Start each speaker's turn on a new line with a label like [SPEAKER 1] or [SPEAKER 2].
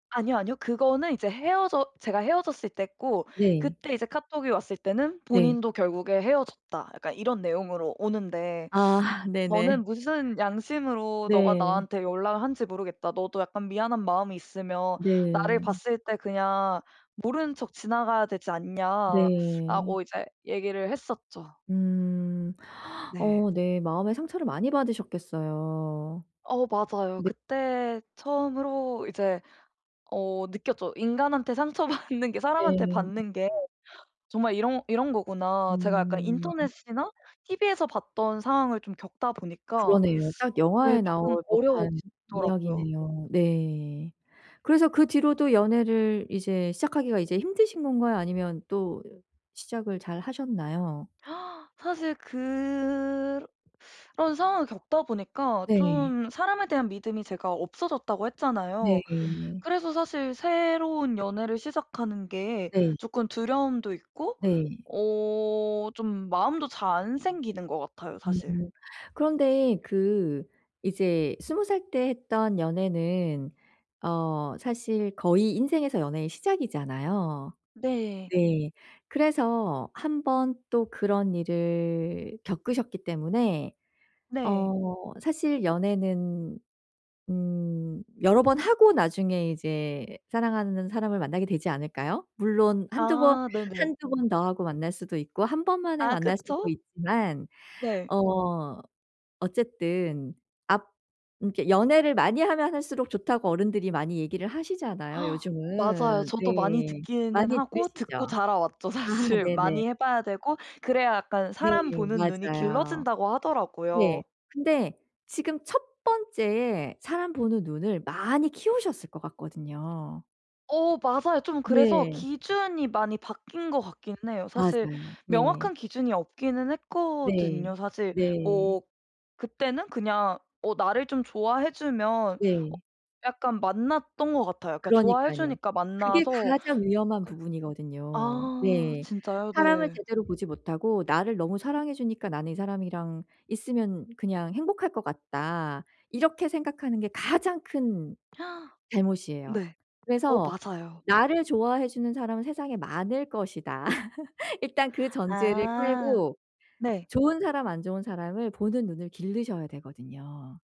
[SPEAKER 1] 아니요 아니요. 그거는 이제 헤어져 제가 헤어졌을 때고
[SPEAKER 2] 네.
[SPEAKER 1] 그때 이제 카톡이 왔을 때는
[SPEAKER 2] 네.
[SPEAKER 1] 본인도 결국에 헤어졌다 약간 이런 내용으로 오는데
[SPEAKER 2] 아. 네네.
[SPEAKER 1] 저는 "무슨 양심으로 너가
[SPEAKER 2] 네.
[SPEAKER 1] 나한테 연락 한 지 모르겠다. 너도 약간 미안한 마음이 있으면 나를
[SPEAKER 2] 네.
[SPEAKER 1] 봤을 때 그냥 모르는 척 지나가야 되지 않냐."
[SPEAKER 2] 네.
[SPEAKER 1] 라고 이제 얘기를 했었죠.
[SPEAKER 2] 음.
[SPEAKER 1] 네.
[SPEAKER 2] 어 네. 마음에 상처를 많이 받으셨겠어요.
[SPEAKER 1] 어 맞아요.
[SPEAKER 2] 네.
[SPEAKER 1] 그때 처음으로 이제 어 느꼈죠. 인간한테 상처받는 게 사람한테
[SPEAKER 2] 네.
[SPEAKER 1] 받는 게 정말 이런 이런 거구나. 제가 약간
[SPEAKER 2] 음.
[SPEAKER 1] 인터넷이나 TV에서 봤던 상황을 좀 겪다 보니까
[SPEAKER 2] 그러네요. 딱
[SPEAKER 1] 네
[SPEAKER 2] 영화에
[SPEAKER 1] 쪼끔
[SPEAKER 2] 나올 법한
[SPEAKER 1] 어려워지더라고요.
[SPEAKER 2] 이야기네요. 네. 그래서 그 뒤로도 연애를 이제 시작하기가 이제 힘드신 건가요? 아니면 또 시작을 잘하셨나요?
[SPEAKER 1] 사실 그 러 런 상황을 겪다 보니까
[SPEAKER 2] 네.
[SPEAKER 1] 좀 사람에 대한 믿음이 제가 없어졌다고 했잖아요.
[SPEAKER 2] 네.
[SPEAKER 1] 그래서 사실 새로운 연애를 시작하는 게
[SPEAKER 2] 네.
[SPEAKER 1] 조금 두려움도 있고
[SPEAKER 2] 네.
[SPEAKER 1] 어 좀 마음도 잘 안 생기는 것 같아요. 사실.
[SPEAKER 2] 음. 그런데 그 이제 20 살 때 했던 연애는 어 사실 거의 인생에서 연애의 시작이잖아요.
[SPEAKER 1] 네.
[SPEAKER 2] 네. 그래서 1 번 또 그런 일을 겪으셨기 때문에
[SPEAKER 1] 네.
[SPEAKER 2] 어 사실 연애는 음 여러 번 하고 나중에 이제 사랑하는 사람을 만나게 되지 않을까요? 물론 한두 번
[SPEAKER 1] 아 네네.
[SPEAKER 2] 한두 번 더 하고 만날 수도 있고 1 번 만에
[SPEAKER 1] 아
[SPEAKER 2] 만날 수도
[SPEAKER 1] 그쵸.
[SPEAKER 2] 있지만
[SPEAKER 1] 네.
[SPEAKER 2] 어 어쨌든 앞 음 그러니까 연애를 많이 하면 할수록 좋다고 어른들이 많이 얘기를 하시잖아요.
[SPEAKER 1] 맞아요.
[SPEAKER 2] 요즘은.
[SPEAKER 1] 저도 많이
[SPEAKER 2] 네.
[SPEAKER 1] 듣기는
[SPEAKER 2] 많이
[SPEAKER 1] 하고
[SPEAKER 2] 들으시죠?
[SPEAKER 1] 듣고 자라왔죠
[SPEAKER 2] 아
[SPEAKER 1] 사실.
[SPEAKER 2] 네네.
[SPEAKER 1] 많이 해 봐야 되고 그래야 약간
[SPEAKER 2] 네.
[SPEAKER 1] 사람 보는 눈이
[SPEAKER 2] 맞아요.
[SPEAKER 1] 길러진다고
[SPEAKER 2] 네.
[SPEAKER 1] 하더라고요.
[SPEAKER 2] 근데 지금 1 번째에 사람 보는 눈을 많이 키우셨을 것 같거든요.
[SPEAKER 1] 어 맞아요. 좀 그래서
[SPEAKER 2] 네.
[SPEAKER 1] 기준이 많이 바뀐 것 같기는 해요. 사실
[SPEAKER 2] 맞아요. 네.
[SPEAKER 1] 명확한 기준이 없기는
[SPEAKER 2] 네.
[SPEAKER 1] 했거든요. 사실
[SPEAKER 2] 네.
[SPEAKER 1] 뭐 그때는 그냥 어 나를 좀 좋아해 주면 어
[SPEAKER 2] 네.
[SPEAKER 1] 약간 만났던 것 같아요. 그러니까 좋아해
[SPEAKER 2] 그러니깐요.
[SPEAKER 1] 주니까
[SPEAKER 2] 그게
[SPEAKER 1] 만나서
[SPEAKER 2] 가장 위험한 부분이거든요.
[SPEAKER 1] 아
[SPEAKER 2] 네.
[SPEAKER 1] 진짜요?
[SPEAKER 2] 사람을
[SPEAKER 1] 네.
[SPEAKER 2] 제대로 보지 못하고 '나를 너무 사랑해 주니까 나는 이 사람이랑 있으면 그냥 행복할 것 같다.' 이렇게 생각하는 게 가장 큰 잘못이에요.
[SPEAKER 1] 네. 어
[SPEAKER 2] 그래서
[SPEAKER 1] 맞아요.
[SPEAKER 2] 나를 좋아해 주는 사람은 세상에 많을 것이다. 일단 그 전제를
[SPEAKER 1] 아.
[SPEAKER 2] 깔고
[SPEAKER 1] 네.
[SPEAKER 2] 좋은 사람 안 좋은 사람을 보는 눈을 기르셔야 되거든요.